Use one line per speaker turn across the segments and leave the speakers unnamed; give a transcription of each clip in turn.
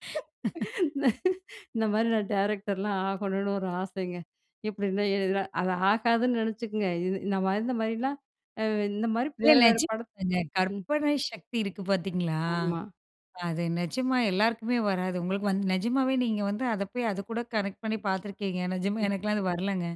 இந்த மாதிரி நான் டைரக்டர்லாம் ஆகணும்னு ஒரு ஆசைங்க. எப்படின்னா, அது ஆகாதுன்னு நினைச்சிக்கங்க. இது இந்த இந்த மாதிரிலாம் இந்த மாதிரி
இல்ல
வேற வேற பட
நிஜமாங்க.
ம். ம்.
கற்பனை சக்தி இருக்கு பார்த்தீங்களா,
ஆமா.
அது நிஜமா எல்லாருக்குமே வராது. உங்களுக்கு வந்து நிஜமாகவே நீங்க வந்து அதை போய் அதுக்கூட கனெக்ட் பண்ணி பார்த்துருக்கீங்க. நிஜமா
ம்.
எனக்கெல்லாம் அது வரலைங்க.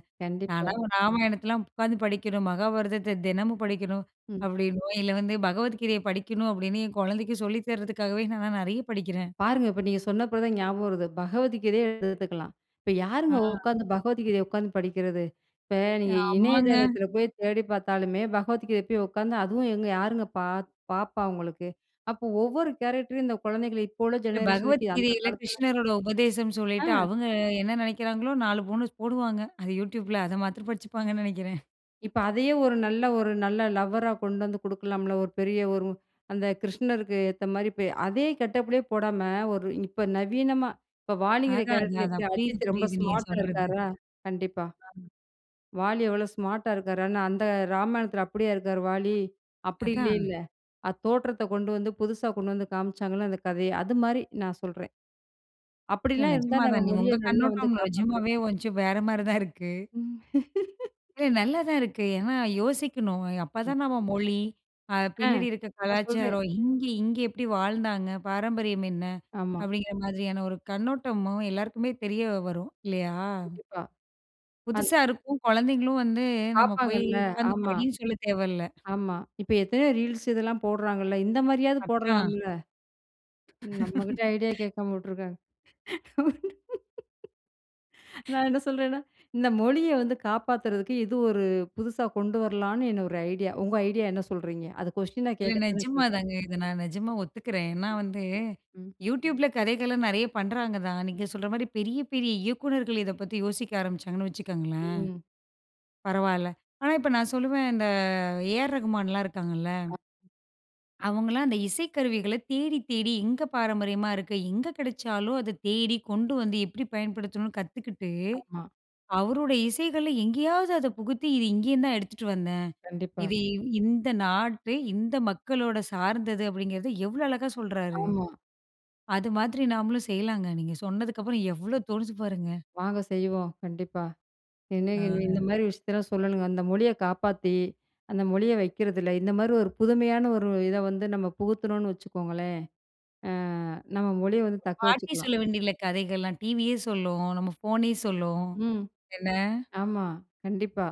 நான்
கண்டிப்பா.
ராமாயணத்தலாம் உட்காந்து படிக்கணும். மகாபாரதத்த தினமும் படிக்கணும்.
ம்.
அப்டின்னோ இல்ல வந்து பகவத்கீதைய படிக்கணும் அப்படின்னு என் குழந்தைக்கு சொல்லி தர்றதுக்காகவே நான் நிறைய படிக்கிறேன்.
பாருங்க இப்ப நீங்க சொன்ன பிறகு தான் ஞாபகம் வருது. பகவத் கீதைய எடுத்துக்கலாம். இப்ப
அ.
யாருங்க உட்கார்ந்து பகவத் கீதைய உட்கார்ந்து படிக்கிறது? இப்ப நீங்க
ஆமாங்க.
இணையதளத்தில் போய் தேடி பார்த்தாலுமே, பகவத் கீதைய போய் உட்கார்ந்து அதுவும் எங்க யாருங்க பார்ப்பா உங்களுக்கு. அப்போ ஒவ்வொரு கேரக்டர் இந்த குழந்தைகள இப்போ உள்ள
இல்ல
ஜெனரேஷன் க்கு, அந்த
பகவத்கீதையில
காலத்தில
கிருஷ்ணரோட உபதேசம்னு சொல்லிட்டு,
அ.
அவங்க என்ன நினைக்கிறாங்களோ 4 போனஸ் போடுவாங்க அது யூடியூப்பில. அதை மாத்தரம் படிச்சுப்பாங்கன்னு நெனைக்கிறேன்.
இப்போ அதையே ஒரு நல்ல ஒரு நல்ல லவ்வரா கொண்டு வந்து குடுக்கலாம்ல. ஒரு பெரிய ஒரு அந்த கிருஷ்ணருக்கு ஏத்த மாதிரி இப்போ அதே கெட்டப் ல போடாம, ஒரு இப்போ நவீனமா இப்போ வாலிங்கிற
அதான் அது,
கேரக்டர் எப்படி
அதான் புரியுது,
அஜித் ரொம்ப
புரியுது நீங்க
ஸ்மார்ட் அ
சொல்றது.
இருக்காரா? கண்டிப்பா.
ஆமா.
வாலி எவ்வளோ ஸ்மார்ட் டா இருக்காரு, அந்த ராமாயணத்தில அப்படியா இருக்காரு வாலி? அப்டி
அதான்.
இல்லைல்ல. அது தோற்றத்த கொண்டு வந்து புதுசா கொண்டு வந்து காமிச்சாங்கள்ல அந்த கதைய. அது மாதிரி. நான் சொல்றேன்.
இல்ல
அப்டிலாம் இருந்தா
நெஜமா
நம்ம
தான். நீ
மொழிய
உங்க
நல்லா வந்து
கண்ணோட்டம்
காப்பாத்தலாம்.
நெஜமாவே கொஞ்சம் வேற மாதிரி தான் இருக்கு. இல்ல நல்லா தான் இருக்கு. ஏன்னா, யோசிக்கணும். அப்பதான் நம்ம
கண்டிப்பா.
மொழி, அ
ஆ
பின்னாடி இருக்கிற
நான் சொல்றேன்.
கலாச்சாரம், இங்க இங்க எப்படி வாழ்ந்தாங்க? பாரம்பரியம் என்ன?
ஆமா.
அப்படிங்கிற மாதிரியான ஒரு கண்ணோட்டமும் எல்லாருக்குமே தெரிய வரும். இல்லையா?
கண்டிப்பா. அன்
புதுசா இருக்கும், குழந்தைகளும் வந்து நம்ம போய்
பார்ப்பாங்கள்ல
உட்கார்ந்து
ஆமா.
படின்னு சொல்ல தேவல்ல.
ஆமா இப்போ எத்தனையோ ரீல்ஸ் இதெல்லாம் போடுறாங்கள்ல, இந்த மாரியாவது
அதான்.
போடலாம்ல. நம்ம கிட்ட ஐடியா கேட்காம விட்டுருக்காங்க. நான் என்ன சொல்றேன்னா, இந்த மொழிய வந்து காப்பாத்துறதுக்கு இது ஒரு புதுசா கொண்டு வரலான்னு என்ன ஒரு ஐடியா. உங்க ஐடியா என்ன சொல்றீங்க? அது கொஷ்டீனா
இல்ல
கேட்க தான்
நெஜமா
கேட்டேன்.
தாங்க. இத நான் நெஜமா ஒத்துக்கிறேன். ஏன்னா வந்து,
ம்.
யூடியூபில கதைகள்லாம் நெறைய பண்றாங்க தான். நீங்க சொல்ற மாதிரி பெரிய பெரிய இயக்குனர்கள் இத பத்தி யோசிக்க ஆரம்பிச்சாங்கன்னு வச்சுக்கோங்களேன்,
ம்.
பரவாயில்ல. ஆனா இப்ப நான் சொல்லுவேன் இந்த ஏ ஆர் ரகுமான்லாம் இருக்காங்கள்ல
ஆமா.
...அவங்களாம் அந்த இசைக்கருவிகள தேடி தேடி எங்கே பாரம்பரியமா இருக்கு? எங்க கிடைச்சாலும் அத தேடி கொண்டு வந்து எப்படி பயன்படுத்தணும்னு கத்துக்கிட்டு,
ஆமா.
அவரோட இசைகள் எங்கேயாவது அத புகுத்தி, இது இங்கேயும் தான் எடுத்துட்டு வந்தேன்.
கண்டிப்பா.
இது இந்த நாட்டு, இந்த மக்களோட சார்ந்தது அப்படிங்கிறது எவ்வளோ அழகா சொல்றாரு.
ஆமா.
அது மாதிரி நாமளும் செய்யலாங்க. நீங்க சொன்னதுக்கு அப்புறம் எவ்வளோ தோணுது பாருங்க.
வாங்க செய்வோம், கண்டிப்பா. என்ன இந்த
ஆ.
மாதிரி விஷயத்தலாம் சொல்லணுங்க. அந்த மொழிய காப்பாத்தி அந்த மொழிய வைக்கிறதில இந்த மாதிரி ஒரு புதுமையான ஒரு இத வந்து நம்ம புகுத்துனோன்னு வச்சுக்கோங்களேன், ஆ நம்ம மொழிய வந்து தக்க
பாட்டி
வச்சுக்கலாம்.
சொல்ல வேண்டியது இல்ல கதைகள்லாம். டிவியே சொல்லும், நம்ம ஃபோனே சொல்லும்
ம்.
என்ன?
ஆமா கண்டிப்பா.